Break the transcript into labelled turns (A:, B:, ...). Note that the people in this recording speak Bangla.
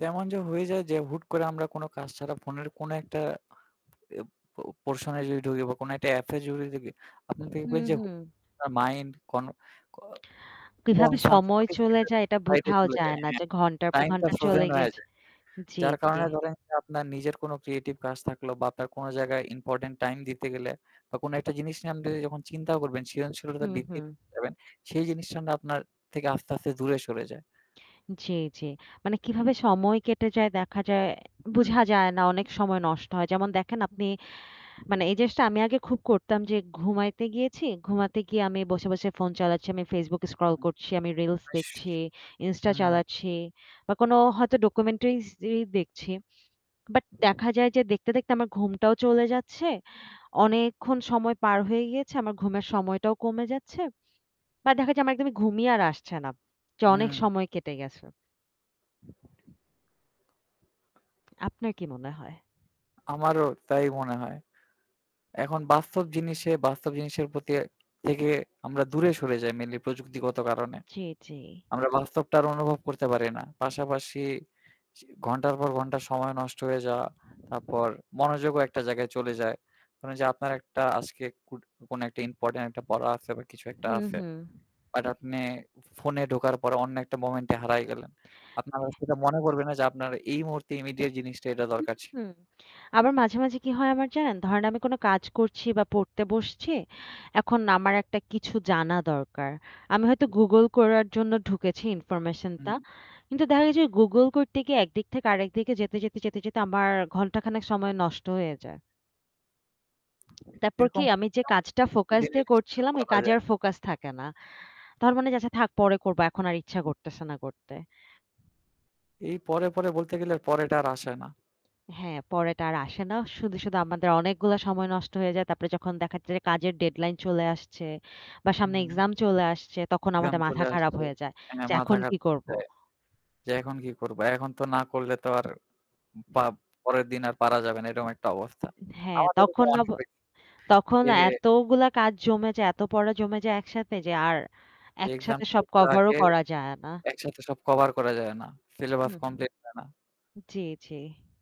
A: তেমন যে হয়ে যায় যে হুট করে আমরা কোন কাজ ছাড়া ফোনের কোন একটা এব প পোরশন এ যদি ঢুকি বা কোন একটা এ্যাপ এ যদি ঢুকি। আপনি দেখবেন
B: হুম,
A: যে [unintelligible]
B: হুম।
A: মাইন্ড কোনো ক অ
B: কিভাবে
A: কনফার্ম
B: সময় চলে
A: [unintelligible]
B: যায় এটা
A: সাইড এ
B: বোঝাও
A: চলে
B: যায়
A: যায়।
B: না
A: হ্যাঁ
B: যে ঘন্টার পর
A: টাইম টা
B: ঘন্টা চলে
A: ফ্রোজেন হয়ে
B: গেছে।
A: যায়।
B: জ্বী,
A: যার
B: জ্বি।
A: কারণে ধরেন যে আপনার নিজের কোন ক্রিয়েটিভ কাজ থাকলো বা আপনার কোন জায়গায় ইম্পোর্টেন্ট টাইম দিতে গেলে বা কোন একটা জিনিস নিয়ে আপনি যখন চিন্তাও করবেন সৃজনশীলতা
B: হু,
A: বৃদ্ধি
B: হু।
A: করতে যাবেন। সেই জিনিসটা না আপনার থেকে আস্তে, আস্তে দূরে সরে যায়।
B: জ্বী, জ্বী। মানে কিভাবে সময় কেটে যায় দেখা যায়
A: হুম।
B: বুঝা যায় না। অনেক সময় নষ্ট হয়। যেমন দেখেন আপনি মানে এই জিনিসটা আমি আগে খুব করতাম যে ঘুমাইতে গিয়েছি। ঘুমাতে গিয়ে আমি বসে, বসে ফোন চালাচ্ছি। আমি Facebook স্ক্রল
A: হুম।
B: করছি, আমি রিলস দেখছি, ইনস্টা
A: হুম।
B: চালাচ্ছি বা কোন হয়তো ডকুমেন্টারিস ই দেখছি। বাট দেখা যায় যে দেখতে, দেখতে আমার ঘুমটাও চলে যাচ্ছে। অনেকক্ষণ সময় পার হয়ে গিয়েছে। আমার ঘুমের সময়টাও কমে যাচ্ছে। বা দেখা যায় আমার একদমই ঘুমিয়ে আর আসছে না যে অনেক
A: হুম।
B: সময় কেটে গেছে। আপনার কি মনে হয়?
A: আমারও তাই মনে হয়। এখন বাস্তব জিনিসে বাস্তব জিনিসের প্রতি থেকে আমরা দূরে সরে যাই মেইনলি প্রযুক্তিগত কারণে।
B: জ্বী, জ্বী।
A: আমরা বাস্তবটা আর অনুভব করতে পারি না। পাশাপাশি সি ঘন্টার পর ঘন্টা সময় নষ্ট হয়ে যাওয়া। তারপর মনোযোগও একটা জায়গায় চলে যায়। মানে যে আপনার একটা আজকে কুট কোন একটা ইম্পোর্টেন্ট একটা পড়া আছে বা কিছু একটা
B: হুম,
A: আছে।
B: হুম।
A: আর আপনে ফোনে ঢোকার পরে অন্য একটা মোমেন্ট এ হারায় গেলেন। আপনার আর সেটা মনে পড়বে না যে আপনার এই মুহূর্তে ইমিডিয়েট জিনিসটা এটা
B: হু,
A: দরকার ছিল।
B: হু। আবার মাঝে, মাঝে কি হয় আমার জানেন? ধরেন আমি কোন কাজ করছি বা পড়তে বসছি। এখন আমার একটা কিছু জানা দরকার। আমি হয়তো Google করার জন্য ঢুকেছি ইনফরমেশন টা।
A: হুম।
B: কিন্তু দেখা গেছে Google করতে গিয়ে একদিক থেকে আরেকদিকে যেতে, যেতে, যেতে, যেতে আমার ঘন্টাখানেক সময় নষ্ট হয়ে যায়। তারপর কি
A: এরকম
B: আমি যে কাজটা ফোকাস দিয়ে
A: [unintelligible]
B: করছিলাম ওই
A: বলা
B: কাজে
A: যায়।
B: আর ফোকাস থাকে না। তখন মনে হয় যে, "থাক পরে করব। এখন আর ইচ্ছা করতেছে না করতে।"
A: এই পরে, পরে বলতে গেলে আর পরেটা আর আসে না।
B: হ্যাঁ পরে এটা আর আসে না। শুধু, শুধু আমাদের অনেকগুলা সময় নষ্ট হয়ে যায়। তারপরে যখন দেখাচ্ছে যে কাজের ডেডলাইন চলে আসছে বা সামনে
A: হুম।
B: এক্সাম চলে আসছে তখন
A: এক্সজাম
B: আমাদের মাথা
A: চলে
B: খারাপ
A: আসছে।
B: হয়ে যায়।
A: হ্যাঁ,
B: যে
A: মাথা
B: এখন
A: খারাপ
B: কি
A: হয়ে
B: করব।
A: যায় যে এখন কি করব। এখন তো না করলে তো আর বা পরের দিন আর পারা যাবে না এরকম একটা অবস্থা।
B: হ্যাঁ
A: আমার এরকম
B: তখন
A: অনেক
B: অব
A: হইছে।
B: তখন
A: এইযে
B: এতগুলা কাজ জমে যায়, এত পড়া জমে যায় একসাথে যে আর
A: এক্সাম
B: একসাথে সব
A: হওয়ার
B: কভারও
A: আগে
B: করা যায় না।
A: একসাথে সব কভার করা যায় না। সিলেবাস
B: হুম।
A: কমপ্লিট হয় না।
B: জ্বী, জ্বী।